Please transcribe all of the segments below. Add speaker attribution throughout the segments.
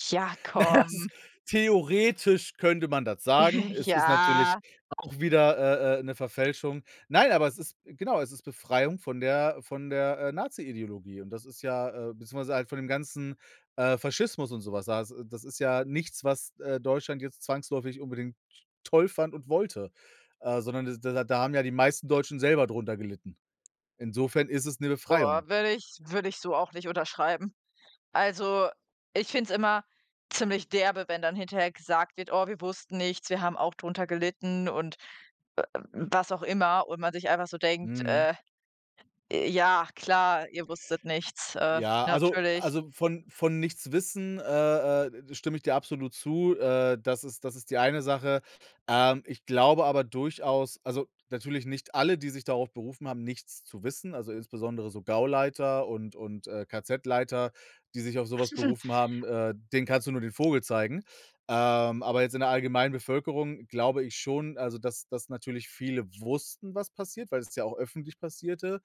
Speaker 1: Ja,
Speaker 2: Na ja, es
Speaker 1: komm.
Speaker 2: ist theoretisch könnte man das sagen. Es ist natürlich
Speaker 1: Ja.
Speaker 2: auch wieder, äh, äh, 'ne Verfälschung. Nein, aber es ist genau, es ist Befreiung von der von der, äh, Nazi-Ideologie und das ist ja äh, beziehungsweise halt von dem ganzen, äh, Faschismus und so was. Das das ist ja nichts, was, äh, Deutschland jetzt zwangsläufig unbedingt toll fand und wollte, äh, sondern das d d da haben ja die meisten Deutschen selber drunter gelitten. Insofern ist es 'ne Befreiung.
Speaker 1: Boah, würde ich würde ich so auch nicht unterschreiben. Also, ich finde es immer ziemlich derbe, wenn dann hinterher gesagt wird: „Oh, wir wussten nichts, wir haben auch drunter gelitten“ und w w was auch immer und man sich einfach so denkt,
Speaker 2: Mhm.
Speaker 1: äh: „Ja klar, ihr wusstet nichts, äh,
Speaker 2: Ja, also
Speaker 1: natürlich.“
Speaker 2: also, von von nichts wissen, äh, äh, stimme ich dir absolut zu. Äh, das ist das ist die eine Sache. Ähm, ich glaube aber durchaus also natürlich nicht alle, die sich darauf berufen haben, nichts zu wissen also insbesondere so Gauleiter und und, äh, KZ-Leiter, die sich auf so was
Speaker 1: [unintelligible]
Speaker 2: berufen haben, äh, denen kannst du nur den Vogel zeigen. Ähm, aber jetzt in der allgemeinen Bevölkerung glaube ich schon, also dass dass natürlich viele wussten, was passiert, weil es ja auch öffentlich passierte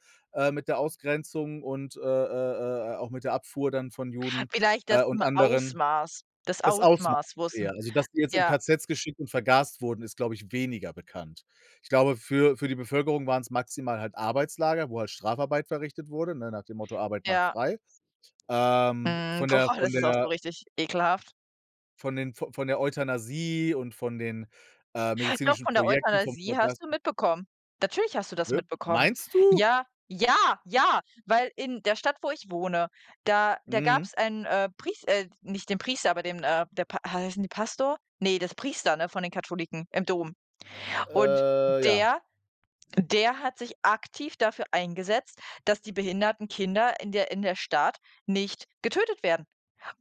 Speaker 2: mit, äh, der Ausgrenzung und, äh, äh, äh, auch mit der Abfuhr dann von Juden,
Speaker 1: Vielleicht das
Speaker 2: äh, und
Speaker 1: M
Speaker 2: anderen.
Speaker 1: Ausmaß das
Speaker 2: Des Ausmaßes,
Speaker 1: Ausmaß,
Speaker 2: eher.
Speaker 1: wussten
Speaker 2: Also, dass die jetzt in
Speaker 1: ja.
Speaker 2: KZs geschickt und vergast wurden, ist, glaube ich, weniger bekannt. Ich glaube, für für die Bevölkerung waren's maximal halt Arbeitslager, wo halt Strafarbeit verrichtet wurde, ne, nach dem Motto Arbeit macht
Speaker 1: Ja.
Speaker 2: frei. Ähm,
Speaker 1: Mhm.
Speaker 2: von der
Speaker 1: Boah,
Speaker 2: von
Speaker 1: das ist auch so
Speaker 2: der
Speaker 1: richtig ekelhaft.
Speaker 2: von den v von der Euthanasie und von den, äh,
Speaker 1: Doch,
Speaker 2: medizinischen
Speaker 1: von der
Speaker 2: Projekten, vom
Speaker 1: Euthanasie hast du
Speaker 2: vergasen
Speaker 1: mitbekommen. Natürlich hast du das
Speaker 2: Wirk
Speaker 1: mitbekommen.
Speaker 2: meinst du?
Speaker 1: Ja, ja, ja, weil in der Stadt, wo ich wohne, da da
Speaker 2: Mhm.
Speaker 1: gab's einen, äh, Pries äh, nicht den Priester, aber dem n äh, der P heißen die Pastor? Ne, das Priester, ne, von den Katholiken, im Dom. Und
Speaker 2: Äh, ja.
Speaker 1: der der hat sich aktiv dafür eingesetzt, dass die behinderten Kinder in der in der Stadt nicht getötet werden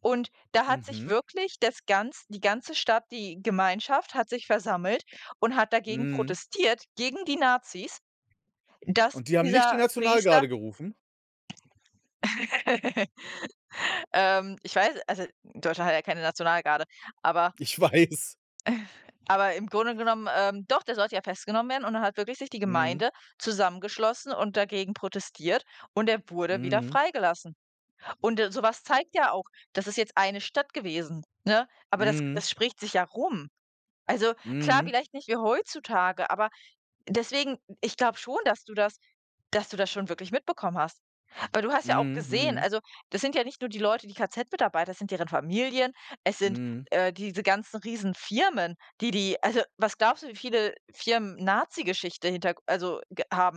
Speaker 1: und da hat sich
Speaker 2: Mhm.
Speaker 1: wirklich das ganz die ganze Stadt die Gemeinschaft hat sich versammelt und hat dagegen
Speaker 2: Mhm.
Speaker 1: protestiert gegen die Nazis, dass
Speaker 2: Und die haben nicht die
Speaker 1: dieser Priester
Speaker 2: Nationalgarde gerufen?
Speaker 1: Ähm, ich weiß also, Deutschland hat ja keine Nationalgarde, aber
Speaker 2: Ich weiß.
Speaker 1: Aber im Grunde genommen, ähm doch, der sollte ja festgenommen werden und dann hat wirklich sich die
Speaker 2: Mhm.
Speaker 1: Gemeinde zusammengeschlossen und dagegen protestiert und er wurde wieder
Speaker 2: Mhm.
Speaker 1: freigelassen. Und, äh, so was zeigt ja auch das ist jetzt eine Stadt gewesen, ne? Aber das
Speaker 2: Mhm.
Speaker 1: das spricht sich ja rum. Also, klar,
Speaker 2: Mhm.
Speaker 1: vielleicht nicht wie heutzutage, aber deswegen ich glaube schon, dass du das dass du das schon wirklich mitbekommen hast. Weil du hast ja auch
Speaker 2: Mhm,
Speaker 1: gesehen
Speaker 2: mhm.
Speaker 1: also das sind ja nicht nur die Leute, die KZ-Mitarbeiter, es sind deren Familien, es sind,
Speaker 2: Mhm.
Speaker 1: äh, diese ganzen Riesenfirmen, die die also, was glaubst du, wie viele Firmen Nazigeschichte Hinterg also g haben?